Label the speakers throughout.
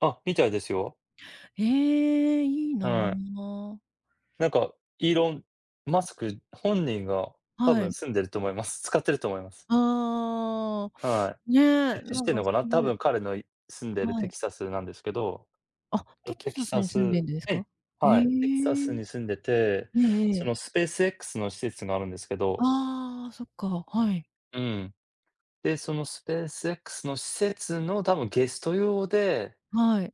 Speaker 1: あ、みたいですよ。
Speaker 2: へえ、いい
Speaker 1: はい。
Speaker 2: な。
Speaker 1: なんか、イーロン・マスク本人が多
Speaker 2: は
Speaker 1: 分
Speaker 2: い。
Speaker 1: 住んでると思います。使ってると思います。
Speaker 2: あ
Speaker 1: は
Speaker 2: あ、
Speaker 1: い。え
Speaker 2: ね、
Speaker 1: っと、知
Speaker 2: な
Speaker 1: っ
Speaker 2: ん
Speaker 1: てん
Speaker 2: か
Speaker 1: の
Speaker 2: そ
Speaker 1: かな、
Speaker 2: う
Speaker 1: 多
Speaker 2: いう
Speaker 1: 分彼の住んでる
Speaker 2: は
Speaker 1: テ
Speaker 2: い。
Speaker 1: キサスなんですけど、
Speaker 2: あ、
Speaker 1: と
Speaker 2: テ
Speaker 1: テ
Speaker 2: キ
Speaker 1: キ
Speaker 2: サス
Speaker 1: サ
Speaker 2: に住ん
Speaker 1: ス
Speaker 2: でんです
Speaker 1: え
Speaker 2: か？
Speaker 1: え、
Speaker 2: へ
Speaker 1: は
Speaker 2: え。
Speaker 1: い、テキサスに住んでて、
Speaker 2: えええ
Speaker 1: そ
Speaker 2: え。
Speaker 1: のスペース X の施設があるんですけど。
Speaker 2: ああ、そっか、はい。
Speaker 1: うん。で、そのスペース X の施設の多分ゲスト用で
Speaker 2: はい。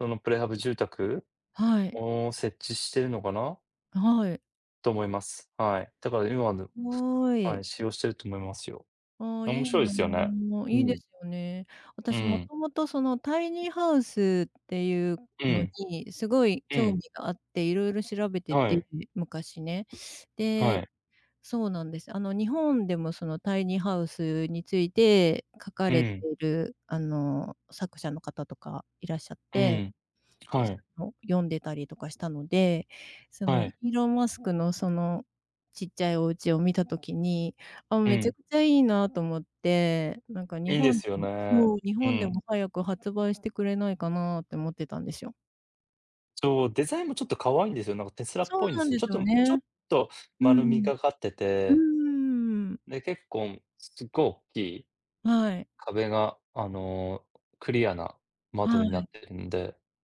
Speaker 1: そのプレハブ住宅
Speaker 2: はい。
Speaker 1: を設置してるのかな
Speaker 2: はい。
Speaker 1: と思います。はい。だから今でも、
Speaker 2: ご
Speaker 1: は
Speaker 2: い。
Speaker 1: い、使用していると思いますよ。
Speaker 2: ああ、い
Speaker 1: 面
Speaker 2: い
Speaker 1: 白いで
Speaker 2: な、
Speaker 1: すよね。う
Speaker 2: いいで
Speaker 1: ん。
Speaker 2: すよね。
Speaker 1: う
Speaker 2: 私元
Speaker 1: ん。
Speaker 2: 々その、タイニーハウスっていう
Speaker 1: う
Speaker 2: の
Speaker 1: ん。
Speaker 2: にすごい
Speaker 1: う
Speaker 2: 興
Speaker 1: ん。
Speaker 2: 味があって、色々調べて
Speaker 1: は
Speaker 2: て、
Speaker 1: い。
Speaker 2: 昔ね。
Speaker 1: は
Speaker 2: で
Speaker 1: い。
Speaker 2: そうなんです。あの、日本でもその、タイニーハウスについて書か
Speaker 1: う
Speaker 2: れて
Speaker 1: ん。
Speaker 2: るあの、作者の方とかいらっしゃっ
Speaker 1: う
Speaker 2: て、
Speaker 1: ん。
Speaker 2: で、
Speaker 1: は
Speaker 2: そ
Speaker 1: い。
Speaker 2: の読んでたりとかしたので、そ
Speaker 1: は
Speaker 2: の、
Speaker 1: い。
Speaker 2: イーロン・マスクのそのちっちゃいお家を見た時に、あ、
Speaker 1: う
Speaker 2: めちゃ
Speaker 1: ん。
Speaker 2: くちゃいいなと思って、なんか日
Speaker 1: いいで
Speaker 2: 本で
Speaker 1: すよ
Speaker 2: も
Speaker 1: ね。
Speaker 2: そう、日
Speaker 1: う
Speaker 2: 本で
Speaker 1: ん。
Speaker 2: も早く発売してくれないかなって思ってたんですよ。
Speaker 1: そう、デザインもちょっと可愛いんですよ。なんかテスラっ
Speaker 2: そう
Speaker 1: ぽいんで
Speaker 2: なん
Speaker 1: すよ。
Speaker 2: で
Speaker 1: ち
Speaker 2: す
Speaker 1: ょっ
Speaker 2: よ
Speaker 1: とちょっ
Speaker 2: ね。
Speaker 1: と
Speaker 2: う
Speaker 1: 丸み
Speaker 2: ん。
Speaker 1: がかって
Speaker 2: う
Speaker 1: て
Speaker 2: ん。
Speaker 1: で、結構、すっごいおっきい、
Speaker 2: はい。
Speaker 1: 壁があの、クリアな窓
Speaker 2: は
Speaker 1: にな
Speaker 2: い。
Speaker 1: ってるんで。